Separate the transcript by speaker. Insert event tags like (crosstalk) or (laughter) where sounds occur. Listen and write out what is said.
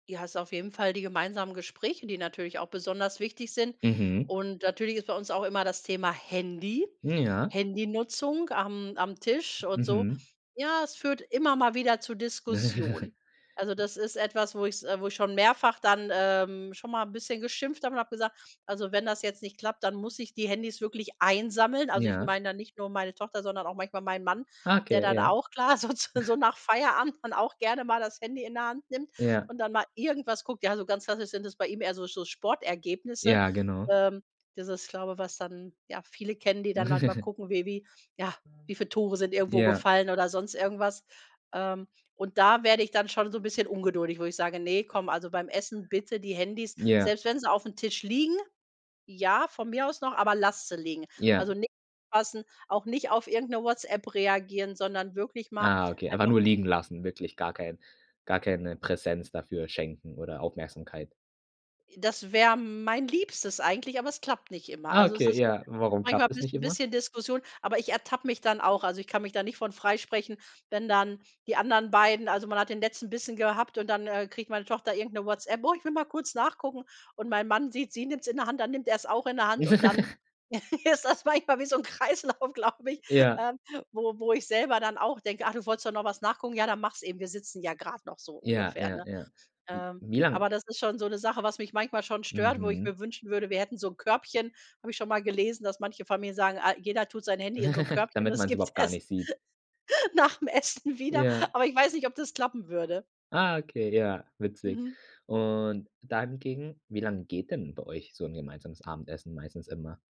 Speaker 1: Ja, hast auf jeden Fall die gemeinsamen Gespräche, die natürlich auch besonders wichtig sind.
Speaker 2: Mhm.
Speaker 1: Und natürlich ist bei uns auch immer das Thema Handy,
Speaker 2: Ja.
Speaker 1: Handynutzung am am Tisch und so.
Speaker 2: Mhm.
Speaker 1: Ja, es führt immer mal wieder zu Diskussionen.
Speaker 2: (laughs)
Speaker 1: Also das ist etwas, wo ich's äh, wo ich schon mehrfach dann, ähm, schon mal 'n bisschen geschimpft habe und habe gesagt, also wenn das jetzt nicht klappt, dann muss ich die Handys wirklich einsammeln. Also, ich
Speaker 2: Ja.
Speaker 1: meine dann nicht nur meine Tochter, sondern auch manchmal meinen Mann, der
Speaker 2: Okay,
Speaker 1: dann
Speaker 2: ja.
Speaker 1: auch, klar, so zu so
Speaker 2: (snorts)
Speaker 1: nach Feierabend dann auch gerne mal das Handy in die Hand nimmt
Speaker 2: Ja.
Speaker 1: und dann mal irgendwas guckt. Ja, so ganz klassisch sind das bei ihm eher so so Sportergebnisse,
Speaker 2: Ja, genau.
Speaker 1: ähm. Dieses, glaube, was dann, ja, viele kennen, die dann manchmal
Speaker 2: (giggles)
Speaker 1: gucken, wie wie ja, wie viel Tore sind irgendwo
Speaker 2: Ja.
Speaker 1: gefallen oder sonst irgendwas. Ähm, und da werde ich dann schon so 'n bisschen ungeduldig, wo ich sage: „Ne, komm, also beim Essen bitte die Handys“,
Speaker 2: Ja.
Speaker 1: selbst wenn sie aufm Tisch liegen, ja, von mir aus noch, „aber lasst sie liegen.“
Speaker 2: Ja.
Speaker 1: Also nicht (unintelligible) auch nicht auf irgend 'ne Whatsapp reagieren, sondern wirklich mal
Speaker 2: Ah, okay, einfach
Speaker 1: einfach
Speaker 2: nur liegen lassen, wirklich gar kein gar keine Präsenz dafür schenken oder Aufmerksamkeit.
Speaker 1: Das wäre mein liebstes eigentlich, aber es klappt nicht immer.
Speaker 2: Ah
Speaker 1: Also es
Speaker 2: okay,
Speaker 1: ist (unintelligible)
Speaker 2: ja, warum
Speaker 1: manchmal
Speaker 2: klappt's nicht
Speaker 1: ist 'n
Speaker 2: immer?
Speaker 1: bisschen Diskussion, aber ich ertappe mich dann auch. Also, ich kann mich da nicht von freisprechen, wenn dann die anderen beiden also, man hat den letzten Bissen gehabt und dann, äh, kriegt meine Tochter irgend 'ne Whatsapp. Oh, ich will mal kurz nachgucken. Und mein Mann sieht: Sie nimmt's in der Hand, dann nimmt er's auch in der Hand und dann
Speaker 2: (giggles)
Speaker 1: (chuckles) ist das manchmal wie so 'n Kreislauf, glaube ich,
Speaker 2: Ja.
Speaker 1: ähm, wo wo ich selber dann auch denke: „Ah, du wolltest doch noch was nachgucken? Ja, dann mach's eben. Wir sitzen ja grad noch“, so
Speaker 2: Ja,
Speaker 1: ungefähr,
Speaker 2: ja,
Speaker 1: ne?
Speaker 2: ja.
Speaker 1: Ähm,
Speaker 2: Wie lang
Speaker 1: aber das ist schon so 'ne Sache, was mich manchmal schon stört, wo ich
Speaker 2: Mhm.
Speaker 1: mir wünschen würde, wir hätten so 'n Körbchen, habe ich schon mal gelesen, dass manche Familien sagen, ah, jeder tut sein Handy in so 'n
Speaker 2: (giggles)
Speaker 1: Körbchen und
Speaker 2: Damit
Speaker 1: es
Speaker 2: man's
Speaker 1: gibt
Speaker 2: überhaupt gar
Speaker 1: erst
Speaker 2: nicht sieht.
Speaker 1: nach dem Essen wieder.
Speaker 2: Ja.
Speaker 1: Aber ich weiß nicht, ob das klappen würde.
Speaker 2: Ah, okay, ja, witzig.
Speaker 1: Mhm.
Speaker 2: Und dann ging wie lang geht denn bei euch so 'n gemeinsames Abendessen meistens immer?